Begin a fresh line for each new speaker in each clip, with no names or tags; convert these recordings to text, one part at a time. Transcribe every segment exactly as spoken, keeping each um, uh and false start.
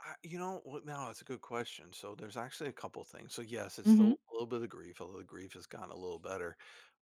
Ah, you know what now, that's a good question. So, there's actually a couple things. So, yes, it's
Mhm.
still a little bit of the grief, although the grief has gotten a little better,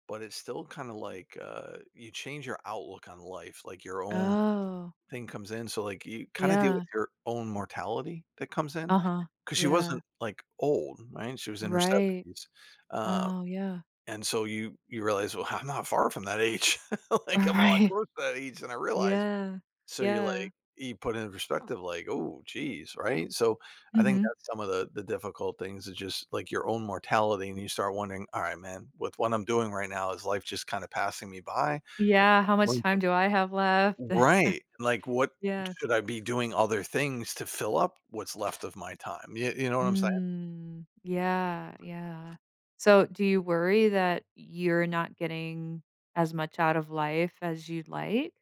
but it's still kinda like, uh, you change your outlook on life, like your own
Oh.
thing comes in, so, like, you kinda deal
Yeah.
with your own mortality that comes in,
Uh-huh,
'cause she
yeah.
wasn't, like, old, right? She was in her
Right.
seventies, uh,
Oh, yeah.
and so you you realize, "Well, I'm not far from that age." Like, I'm a lot
Right.
closer to that age than I realized.
Yeah.
So, you're,
Yeah.
like you put it into perspective, like, "Oh, jeez." Right? So, I think
Mhm.
that's some of the the difficult things, is just, like, your own mortality, and you start wondering, "All right, man. With what I'm doing right now, is life just kinda passing me by?" Like,
Yeah. "How much
one
time
thing
do I have left?"
Right. Like, what
Yeah.
should I be doing other things to fill up what's left of my time? You you know what I'm saying?
Mm. Yeah, yeah. So, do you worry that you're not getting as much out of life as you'd like?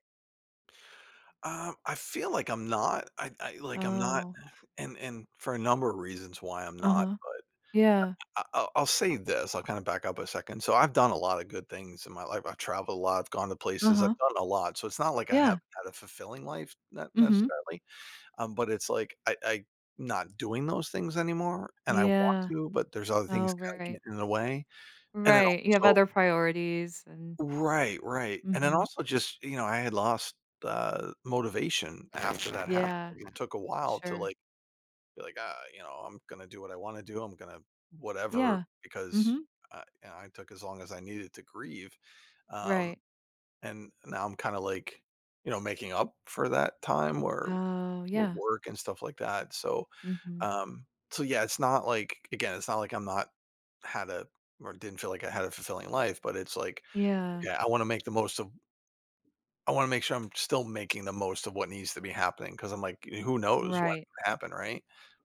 Um, I feel like I'm not. I I like, I'm not
Oh.
and and for a number of reasons why I'm not,
Uh-huh.
but
Yeah.
I I I I'll I'll say this, I'll kinda back up a second. So, I've done a lotta good things in my life. I've traveled a lot, I've gone to places, I've
Uh-huh.
done a lot, so it's not like I haven't
Yeah.
had a fulfilling life, n
Mhm.
necessarily, um, but it's like I I not doing those things anymore, and I want
Yeah.
to, but there's other
Oh,
things kinda
right.
getting in the way, and then
Right, you have
also
other priorities and
Right, right. And then
Mhm.
also just, you know, I had lost, uh, motivation after that happened
Yeah.
to me. It took a while to,
Sure.
like, be, like, "Ah, you know, I'm gonna do what I wanna do. I'm gonna" whatever
Yeah.
because
Mhm.
I I took as long as I needed to grieve, um,
Right.
and now I'm kinda like, you know, making up for that time where
Oh,
w
yeah.
work and stuff like that, so,
Mhm.
um so, yeah, it's not like, again, it's not like I'm not had a or didn't feel like I had a fulfilling life, but it's like,
Yeah.
yeah, I wanna make the most of I wanna make sure I'm still making the most of what needs to be happening, 'cause I'm like, eh, who knows what
Right.
will happen, right?